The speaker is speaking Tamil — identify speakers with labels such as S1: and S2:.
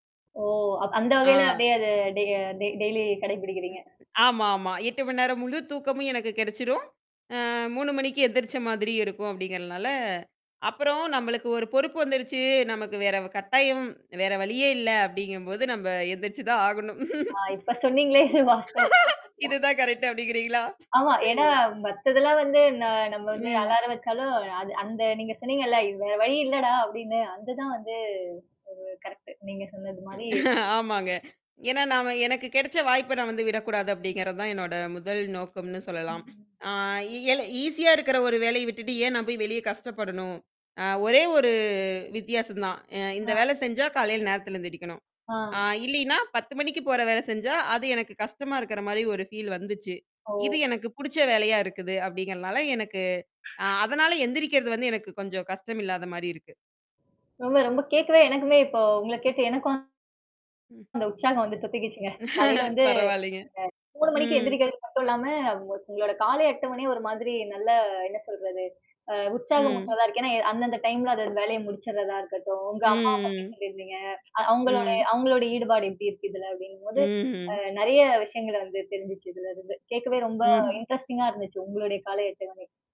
S1: ஓ! அ அந்த வகையில
S2: ஆ.
S1: அப்டியே அத டெ டெய்லி கடைப்பிடிக்கிறீங்க.
S2: ஆமாமா. 8 மணி நேரம் முழு தூக்கமும் எனக்கு கிடைச்சிடும். அ 3 மணிக்கு எந்திரிச்ச மாதிரியும் இருக்கும், அப்படிங்கிறதுனால அப்புறம் நம்மளுக்கு ஒரு பொறுப்பு வந்துருச்சு, நமக்கு வேற வ் கட்டாயம் வேற வழியே இல்ல அப்படிங்கும்போது நம்ம, எந்திரிச்சு தான் ஆகணும்.
S1: அ, இப்ப சொன்னீங்களே இது வாஸ்தவமான
S2: இது
S1: [unintelligible]
S2: தான் கரெக்ட் அப்படிங்கிறீங்களா?
S1: ஆமா. ஏன்னா, மத்ததெல்லாம் வந்து ந நம்ம வந்து
S2: ம்.
S1: அலாரம் வைச்சாலும் அது அந்த நீங்க சொன்னீங்கல்ல வ் "வேற வழி இல்லடா!" அப்படின்னு அங்கதான் வந்து உ கரெக்ட் நீங்க சொன்னது மாரி
S2: ஆமாங்க. ஏன்னா, நாம எனக்கு கிடைச்ச வாய்ப்பை நான் வந்து விடக்கூடாது, அப்படிங்கிறது தான் என்னோட முதல் நோக்கம்னு சொல்லலாம்.
S1: ம்.
S2: ஆ எல ஈஸியா இருக்கிற ஒரு வேலைய விட்டுட்டு, ஏன் நான் போய் வெளியே கஷ்டப்படணும்? அ ஒரே ஒரு வித்தியாசம் தான். அ இந்த
S1: ஆ.
S2: வேலை செஞ்சா காலையில நேரத்தில எந்திரிக்கணும். ஆ
S1: ஆ.
S2: இல்லைன்னா 10 மணிக்கு போற வேலை செஞ்சா அது எனக்கு கஷ்டமா இருக்கிற மாதிரி ஒரு ஃபீல் வந்துச்சு.
S1: ஓ!
S2: இது எனக்கு பிடிச்ச வேலையா இருக்குது அப்படிங்கிறதுனால, எனக்கு ஆ அதனால எந்திரிக்கிறது வந்து எனக்கு கொஞ்சம் கஷ்டம் இல்லாத மாதிரி இருக்கு.
S1: ரொம்ப, ரொம்ப கேக்கவே எனக்குமே இப்போ உங்கள கேட்டு எனக்கும்,
S2: ம்.
S1: அந்த உற்சாகம் வந்து தொத்துக்கிடுச்சுங்க. காலையில வந்து
S2: பரவால்லங்க,
S1: அ 3 மணிக்கு
S2: ம்.
S1: எழுந்திரிக்கிறது மட்டும் இல்லாம, உங்களுடைய காலை 8 மணியே ஒரு மாதிரி நல்ல என்ன சொல்றது? அ உற்சாகம்
S2: ம்.
S1: ஊற்றதா இருக்கும். ஏன்னா அந்தந்த டைம்ல அதது வேலையை முடிச்சுடுறதா இருக்கட்டும், உங்க அம்மாவை பத்தி
S2: ம், ம்.
S1: சொல்லியிருந்தீங்க. அ அவங்களுடைய
S2: ம்.
S1: அவங்களுடைய ஈடுபாடு எப்படி இருக்கு. இதுல அப்படிங்கும்போது அ
S2: ம்.
S1: நிறைய விஷயங்கள வந்து தெரிஞ்சுச்சு இதுலேருந்து. கேட்கவே ரொம்ப
S2: ம்.
S1: இன்ட்ரஸ்டிங்கா இருந்துச்சு, உங்களுடைய காலை அட்டவணை.